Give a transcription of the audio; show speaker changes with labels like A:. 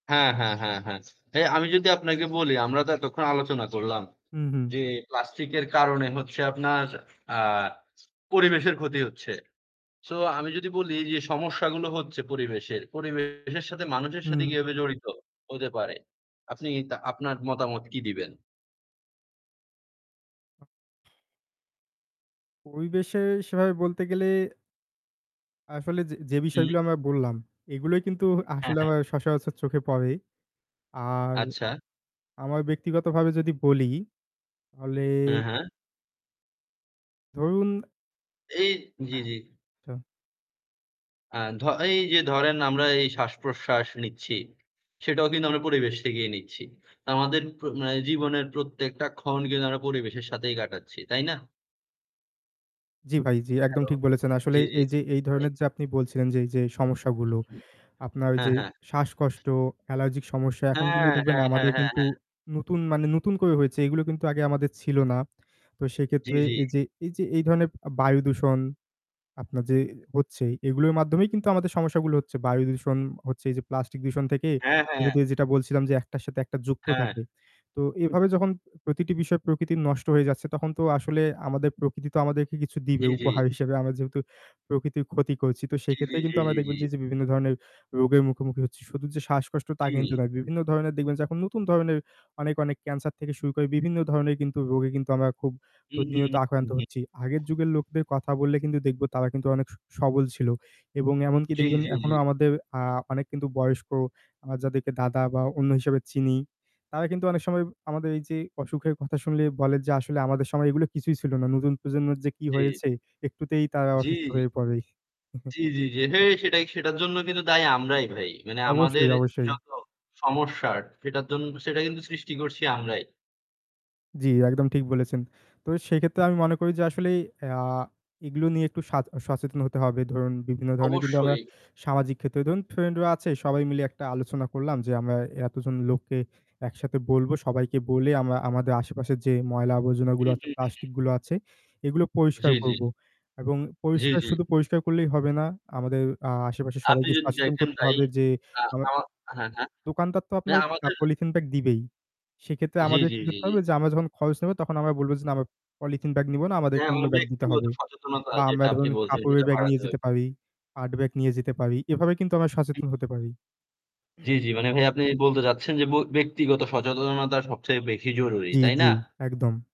A: হ্যাঁ, হ্যাঁ, হ্যাঁ, হ্যাঁ। হ্যাঁ, আমি যদি আপনাকে বলি আমরা তো এতক্ষণ আলোচনা করলাম।
B: হুম, হুম।
A: যে প্লাস্টিক এর কারণে হচ্ছে আপনার আ পরিবেশের ক্ষতি হচ্ছে। সো আমি যদি বলি যে সমস্যাগুলো হচ্ছে পরিবেশের। পরিবেশের সাথে মানুষের সাথে
B: হুম।
A: কিভাবে জড়িত, হতে পারে? আপনি তা আপনার মতামত কি দিবেন?
B: পরিবেশের সেভাবে বলতে গেলে আসলে যে যে বিষয়গুলো
A: হুম।
B: আমরা বললাম, এগুলোই কিন্তু
A: হ্যাঁ,
B: আসলে
A: হ্যাঁ।
B: আমার সচরাচর চোখে পড়ে। আর
A: আচ্ছা।
B: আমার ব্যক্তিগতভাবে যদি বলি তাহলে
A: হ্যাঁ, হ্যাঁ।
B: ধরুন
A: এই জি, জি।
B: তো
A: আ ধ এই যে ধরেন আমরা এই শ্বাসপ্রশ্বাস নিচ্ছি। সেটাও কিন্তু আমরা পরিবেশ থেকেই নিচ্ছি। আমাদের প্র মানে জীবনের প্রত্যেকটা ক্ষণ কিন্তু আমরা পরিবেশের সাথেই কাটাচ্ছি, তাই না?
B: জি ভাই, জি, একদম ঠিক বলেছেন। আসলে
A: জ্বী, জ্বী।।
B: এই যে এই ধরনের যে আপনি বলছিলেন যে এই যে সমস্যাগুলো, আপনার
A: হ্যাঁ,
B: যে
A: হ্যাঁ।
B: শ্বাসকষ্ট, অ্যালার্জিক সমস্যা। এখন
A: হ্যাঁ,
B: কিন্তু দেখবেন
A: হ্যাঁ, হ্যাঁ,
B: আমাদের
A: হ্যাঁ,
B: কিন্তু
A: হ্যাঁ।
B: নতুন মানে নতুন করে হয়েছে। এগুলো কিন্তু আগে আমাদের ছিল না। তো
A: জি,
B: সেইক্ষেত্রে
A: জি।
B: এই যে এই যে এই ধরনের আ বায়ুদূষণ আপনার যে হচ্ছে, এগুলোর মাধ্যমেই কিন্তু আমাদের সমস্যাগুলো হচ্ছে। বায়ু দূষণ হচ্ছে, এই যে প্লাস্টিক দূষণ থেকে
A: হ্যাঁ,
B: এ
A: হ্যাঁ।
B: দে যেটা বলছিলাম যে একটার সাথে একটা যুক্ত
A: হ্যাঁ।
B: থাকে। তো এভাবে যখন প্রতিটি বিষয় প্রকৃতির নষ্ট হয়ে যাচ্ছে, তখন তো আসলে আমাদের প্রকৃতি তো আমাদেরকে কিছু দিবে
A: জি, জি।
B: উপহার হিসেবে। আমরা যেহেতু প্রকৃতির ক্ষতি করছি তো
A: জি, জি,
B: সেক্ষেত্রে
A: জি,
B: কিন্তু আমরা
A: জি,
B: দেখবেন
A: জি।
B: যে এই যে বিভিন্ন ধরনের রোগের মুখোমুখি হচ্ছি। শুধু যে শ্বাসকষ্ট তা কিন্তু
A: জি।
B: না। বিভিন্ন ধরণের দেখবেন যে এখন নতুন ধরনের অনেক, অনেক ক্যান্সার থেকে শুরু করে বিভিন্ন ধরনের কিন্তু রোগে কিন্তু আমরা খুব
A: হুম, হুম,
B: প্রতিনিয়ত
A: হুম, হুম,
B: আক্রান্ত
A: হুম।
B: হচ্ছি। আগের যুগের লোকদের কথা বললে কিন্তু দেখবো তারা কিন্তু অনেক স সবল ছিল এবং এমনকি
A: জ্বী,
B: দেখবেন
A: জ্বী,
B: এখনো
A: জ্বী।
B: আমাদের আ অনেক কিন্তু বয়স্ক আমরা যাদেরকে দাদা বা অন্য হিসাবে চিনি, তারা কিন্তু অনেক সময় আমাদের এই যে অসুখের কথা শুনলে বলে যে "আসলে আমাদের সময় এগুলো কিছুই ছিল না। নতুন প্রজন্মের যে কি
A: জ্বী।
B: হয়েছে! একটুতেই তারা
A: জি।
B: অসুস্থ হয়ে পড়ে।"।
A: জি, জি, জি। হে, সেটাই। সেটার জন্যও কিন্তু দায়ী আমরাই ভাই। মানে আমাদের
B: অবশ্যই, অবশ্যই।
A: যত সমস্যার সেটার জন সেটা কিন্তু সৃষ্টি করছি আমরাই।
B: জ্বী, একদম ঠিক বলেছেন। তো এ সেক্ষেত্রে আমি মনে করি যে আসলে আ এগুলো নিয়ে একটু সাচ সচেতন হতে হবে। ধরুন, বিভিন্ন ধরনের কিন্তু আমরা
A: অবশ্যই।
B: সামাজিক ক্ষেত্রে ধরুন ফ্রেন্ড রা আছে সবাই মিলে একটা আলোচনা করলাম। যে আমরা এতজন লোককে একসাথে বলবো। সবাইকে বলে আমরা আমাদের আশেপাশের যে ময়লা আবর্জনা গুলো
A: হুম,
B: আছে,
A: হম, হুম।
B: প্লাস্টিক গুলো আছে, এগুলো
A: জ্বী,
B: পরিষ্কার
A: জ্বী।
B: করব। এবং
A: জ্বী,
B: পরিষ্কার
A: জ্বী।
B: শুধু পরিষ্কার করলেই হবে না। আমাদের আ আশেপাশে
A: আপনি
B: সবাইকে
A: যদি
B: সচেতন
A: দেখেন
B: করতে
A: ভাই
B: হবে যে
A: আ
B: অ
A: আমা হ্যাঁ, হ্যাঁ।
B: দোকানদার তো আপনার
A: হ্যাঁ,
B: আ
A: আমাদের
B: পলিথিন ব্যাগ দিবেই। সেইক্ষেত্রে
A: জি,
B: আমাদের
A: জি,
B: কি
A: জি,
B: করতে
A: জি।
B: হবে? যে আমরা যখন খরচ নেব, তখন আমরা বলবো যে, "না, আমরা পলিথিন ব্যাগ নিবো না। আমাদেরকে
A: হ্যাঁ,
B: অন্য
A: আমাদের
B: ব্যাগ দিতে
A: ব্যক্তিগত
B: হবে।"
A: সচেতনতা,
B: বা
A: যেটা
B: আমরা
A: আপনি
B: ধরুন
A: বলছেন,
B: কাপড়ের
A: সেটা
B: ব্যাগ নিয়ে
A: বাড়াতে হবে।
B: যেতে পারি, পাট ব্যাগ নিয়ে যেতে পারি। এভাবে কিন্তু আমরা সচেতন হতে পারি। হুম।
A: জ্বী, জ্বী মানে ভাই আপনি বলতে চাচ্ছেন যে ব ব্যক্তিগত সচেতনতা সবচেয়ে বেশি জরুরি।
B: জি,
A: তাই না?
B: জি। একদম।